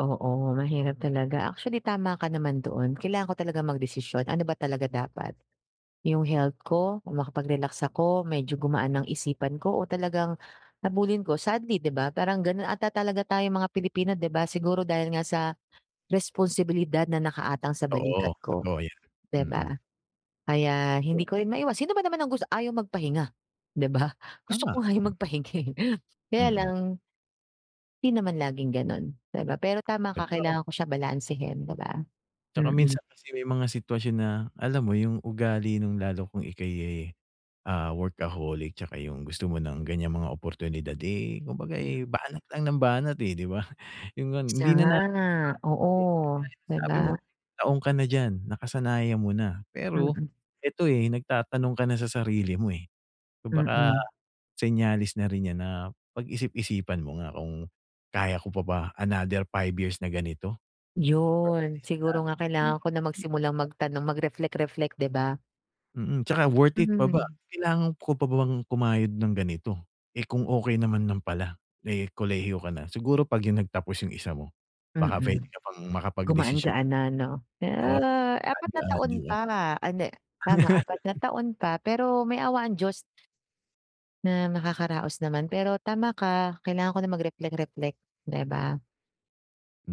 Oo, mahirap talaga. Actually, tama ka naman doon kailangan ko talaga magdesisyon, ano ba talaga dapat. 'Yong health ko o makapag-relax ako, medyo gumaan ang isipan ko o talagang habulin ko. Sadly, 'di ba, parang gano'n ata talaga tayong mga Pilipino, 'di ba, siguro dahil nga sa, responsibilidad na nakaaatang sa Oo, balikat ko, totoo yan, 'di mm. ba. Kaya hindi [unintelligible] ko rin maiwas sino ba naman ang gus ayaw magpahinga, 'di ba, gusto ko Tama. nga 'yong Mm. magpahinga, eh. Kaya Mm. lang 'di naman laging gano'n di ba, pero tama ka, [unintelligible] kailangan ko siya balansehin, ''di ba. 'Tsaka Mm. minsan kasi may mga sitwasyon na, alam mo, 'yong ugali no'ng lalo kung ika'y, eh, ah, workaholic 'tsaka 'yong gusto mo ng ganiyang mga oportunidad, eh, kumbaga, eh, Mm. banat lang ng banat, eh, 'di ba. 'Yon ngang Siya hindi na natin nga, oo, napapansin, kagaya no'ng 'di ba? sabi mo, taon ka na diyan, nakasanayan mo na, pero Mm. ito, eh, nagtatanong ka na sa sarili mo, eh. Kung baka, Mm senyales na rin 'yan na pag-isip-isipan mo nga kung, kaya ko pa ba another 5 years na ganito. Pero, at 'Yon. least na Siguro nga meron kailangan ka ko na pang magsimulang magagawa? magtanong, mag-reflect-reflect, 'di ba. Mm, 'tsaka worth it Mhm, pa ba, mm. kailangan ko pa ba bang kumayod ng ganito, eh, kung okay naman ng pala. Eh, kolehiyo ka na, siguro pag 'yong nagtapos 'yong isa mo, baka puwede Mm. ka pang makapagdesisyon Gumaan-gaan tagala na, 'no. Na, no'n. Oo, pag gano'n, 4 na gaan-gaan, taon 'di ba. pa, ah, hindi, tama 4 na taon pa, pero may awa ang Diyos. Na nakakaraos naman. Pero, tama ka, kailangan ko na mag-reflect-reflect, 'di ba.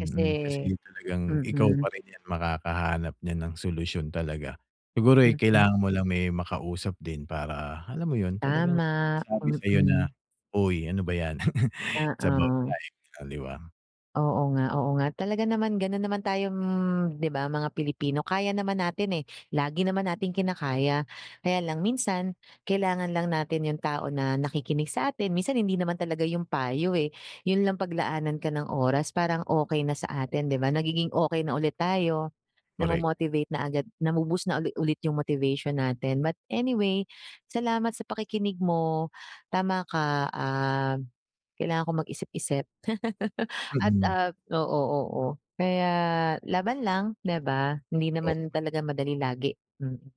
Kasi Kasi, ganiyang talagang ikaw mm. pa rin 'yan, makakahanap niyan ng solusyon talaga. Siguro, eh, Mm. kailangan mo lang may makausap din para, alam mo 'yon, talagang may Tama, magsabi sayo na, mm. "Uy, ano ba 'yan." It's about Oo. life, gano'n, 'di ba? Oo nga, oo nga. Talaga naman, gano'n naman tayong, 'di ba, mga Pilipino, kaya naman natin, eh, lagi naman nating kinakaya. Kaya lang minsan, kailangan lang natin 'yong tao na nakikinig sa atin, minsan hindi naman talaga 'yong payo, eh, 'yon lang paglaanan ka ng oras, parang okay na sa atin, 'di ba. Nagiging okay na ulit tayo, Korek. namo-motivate na agad, nabu-boost na uli ulit 'yong motivation natin. But anyway, salamat sa pakikinig mo, tama ka, ah, kailangan ko mag-isip-isip.a At, Mm. ah, oo, oo, kaya laban lang, 'di ba, hindi O naman wal talaga madali lagi, mm.